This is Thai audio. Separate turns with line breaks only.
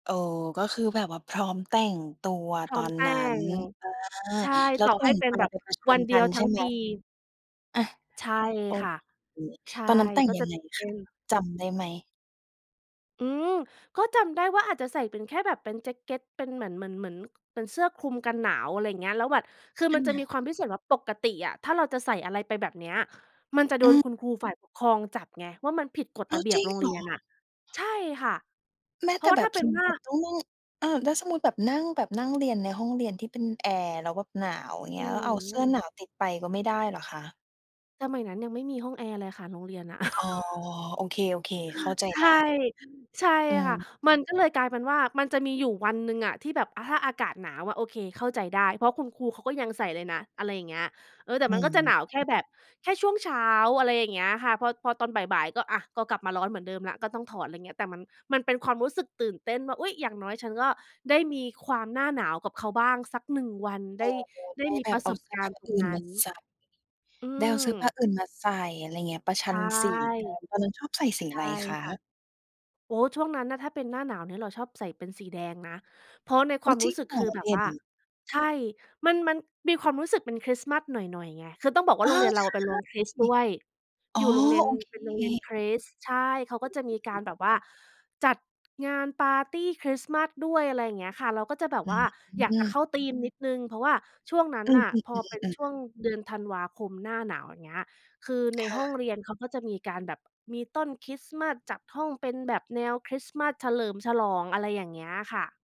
เออ ก็คือแบบว่าพร้อมแต่งตัว
พร้
ต
อ
อ
ม
น
แต
น
่
ั้น
ง
อา
ใช่
แล้
ต
ว
่อ
แต
ให
่
้
ง
เป็
ไ
น
ป
แบบ
ไปประชั
วั
น
นเด
ก
ี
ั
ยว
น
ท
ใ
ั
ช่
้ง
ไหม?
ปี
อา
ใช่
โอ
ค่ะ
เค
ใช่
ตอนนั้นแต่ง
ก็
ย
จ
ั
ะ
งไง
เป
ค
็
ะ
น
จำได้ไหม?
อืม ก็จำได้ว่าอาจจะใส่เป็นแค่แบบเป็นแจ็กเกต เป็นเหมือน เหมือน ค เหมือนเป็นเสื้อคลุมกันหนาว อะไรอย่างเงี้ย แล้วแบบคือ
อ
มันจะม
ืม
ีความพิเศษว่า ปกติอะถ้าเราจะใส่อะไรไปแบบเนี้ย มันจะโด
อื
น
ม
คุณครูฝ่ายปกครองจับไง ว่ามันผิดกฎ
อ้
ร
า
ะ
ว
เบีย
จ
บ
ริง
โรง
เ
เ
ห
ร
ร
ี
อ?
ยนน่ะ ใช่ค่ะ
แม้
เพร
แ
า
ต
ะ
่
ว่า
แบ
ถ้
บ
าเป็
ส
น
มมุ
ว
ต
่
ิ
า
แบบต้องนั่ง เออ แล้วสมมุติแบบนั่ง แบบนั่งเรียนในห้องเรียนที่เป็นแอร์ แล้วแบบหนาว อย่าง
โ
เง
อ
ี้ย
้
แล้วเอาเ
โ
สื้อ
ฮ
หนาวติดไปก็ไม่ได้เหรอคะ?
สมัยนั้นยังไม่มีห้องแอร์เลยค่ะ โรงเรียนน่ะ
อ๋อ โอเค ๆ เข้าใจ
ใช
ได
่
้
ใช่
อื
ค่ะ
ม
มันก็เลยกลายเป็นว่า มันจะมีอยู่วันหนึ่งอะ ที่แบบ อา ถ้าอากาศหนาวอะ โอเค เข้าใจได้ เพราะคุณครูเขาก็ยังใส่เลยนะ อะไรอย่างเงี้ย เออ แต่
อื
มันก็จะหนาวแค่
ม
แบบแค่ช่วงเช้า อะไรอย่างเงี้ยค่ะ พอ พอตอนบ่าย ๆ ก็ อา ก็กลับมาร้อนเหมือนเดิมแล้ว ก็ต้องถอด อะไรอย่างเงี้ย แต่มัน มันเป็นความรู้สึกตื่นเต้นว่า อุ๊ย อย่างน้อยฉันก็ได้มีความหน้าหนาวกับเขาบ้างสัก 1 วัน
เ
ไ
อ
ด
อ
้ ได้
ได้
มี
แบ
ปร
บ
ะ
เอ
ส
า
บ
เสื้
ก
อผ
ารณ
้า
์ตร
อ
ง
ื่
น
น
ั
ม
้
า
น
ใส่
อื
ได้เอาเสื้อผ้า
ม
อื่นมาใส่ อะไรอย่างเงี้ย ประช
ใ
ั
ช
น
่
สีกัน ตอนนั้นชอบใส่สี
ใช
อะ
่
ไรคะ?
ค่ะ โอ้โฮ ช่วงนั้นน่ะถ้าเป็นหน้าหนาวเนี่ยเราชอบใส่เป็นสีแดงนะ เพราะในค
โอ้
วาม
จ
ร
ร
ู
ิ
้
ง
สึก
เหร
ค
อ?
ือแบ
เด
บ
่
ว่า
น
ใช่ มัน มันมีความรู้สึกเป็นคริสต์มาสหน่อย ๆ ไง คือต้องบอกว่
เอ
า
อ
โรงเรียนเรา
ใช
เป็นโรงคร
่
ิสต์ด้วย
อ๋
อ
อ
ยู่โรงเรียน
โอ
เป็นโร
เค
งเรียนคริสต์ ใช่ เขาก็จะมีก
อ
า
ื
ร
อ
แบบว่าจัดงานปาร์ตีคริสต์มาสด้วย อะไรอย่างเงี้ยค่ะ เราก็จะแบบ
อื
ว่าอยากจะ
ม
เข้าธีมนิดหนึ่ง เพราะว่าช่วงนั้
อ
น
ืม
น่ะ พอเป็น
ๆ
ช่
ๆ ๆ
วงเดือนธันวาคม หน้าหนาว อย่างเงี้ย คือใน
ค่
ห้อง
ะ
เรียนเขาก็จะมีการแบบมีต้นคริสต์มาส จัดห้องเป็นแบบแนวคริสต์มาส เฉลิมฉลอง อะไรอย่างเงี้ยค่ะ